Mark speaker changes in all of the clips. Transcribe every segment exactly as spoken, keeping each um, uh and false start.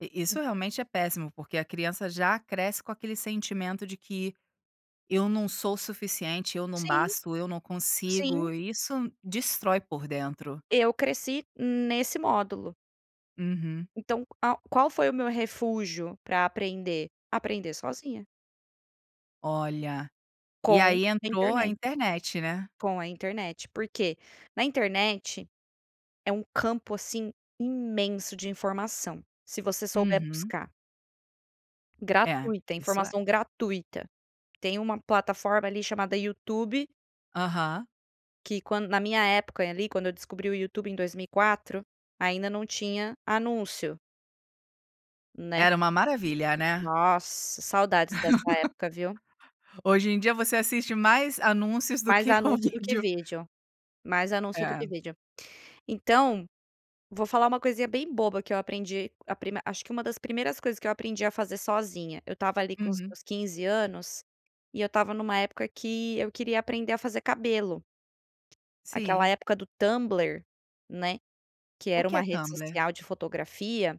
Speaker 1: I isso
Speaker 2: Hum.
Speaker 1: realmente é péssimo porque a criança já cresce com aquele sentimento de que, eu não sou suficiente, eu não
Speaker 2: Sim,
Speaker 1: basto, eu não consigo,
Speaker 2: sim.
Speaker 1: e isso destrói por dentro.
Speaker 2: Eu cresci nesse módulo.
Speaker 1: Uhum.
Speaker 2: Então qual qual foi o meu refúgio para aprender? Aprender sozinha.
Speaker 1: Olha! E
Speaker 2: Com
Speaker 1: aí
Speaker 2: a
Speaker 1: entrou a
Speaker 2: internet.
Speaker 1: internet, né.
Speaker 2: Com a internet, por quê? Na internet, é um campo assim imenso de informação, se você souber
Speaker 1: Uhum.
Speaker 2: buscar.
Speaker 1: É,
Speaker 2: Gratuita,
Speaker 1: isso é.
Speaker 2: informação gratuita, tem uma plataforma ali chamada YouTube.
Speaker 1: Aham.
Speaker 2: Que quando na minha época ali quando eu descobri o YouTube em dois mil e quatro, ainda não tinha anúncio. Né.
Speaker 1: Era uma maravilha, né.
Speaker 2: Nossa, saudades dessa época viu.
Speaker 1: Hoje em dia você assiste mais anúncios do
Speaker 2: Mais
Speaker 1: que o
Speaker 2: anúncio do que
Speaker 1: vídeo.
Speaker 2: vídeo, mais anúncio do que
Speaker 1: É.
Speaker 2: vídeo. Então, vou falar uma coisinha bem boba que eu aprendi a prim acho que uma das primeiras coisas que eu aprendi a fazer sozinha, eu estava ali com os
Speaker 1: Uhum.
Speaker 2: meus quinze anos, e eu estava em uma época que eu queria aprender a fazer cabelo. Aquela
Speaker 1: Sim.
Speaker 2: época do Tumbler, né, que
Speaker 1: O
Speaker 2: era
Speaker 1: que
Speaker 2: uma
Speaker 1: é
Speaker 2: rede
Speaker 1: Tumbler?
Speaker 2: social de fotografia,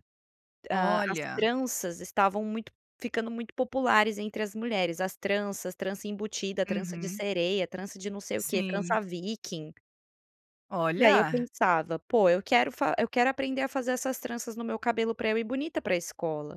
Speaker 2: hã, as
Speaker 1: Olha!
Speaker 2: tranças estavam muito ficando muito populares entre as mulheres, as tranças, trança embutida, trança de
Speaker 1: Uhum.
Speaker 2: sereia, trança de não sei o quê,
Speaker 1: Sim.
Speaker 2: trança viking. E aí eu
Speaker 1: Olha!
Speaker 2: pensava: "Pô eu quero fa eu quero aprender a fazer essas tranças no meu cabelo para eu ir bonita para escola".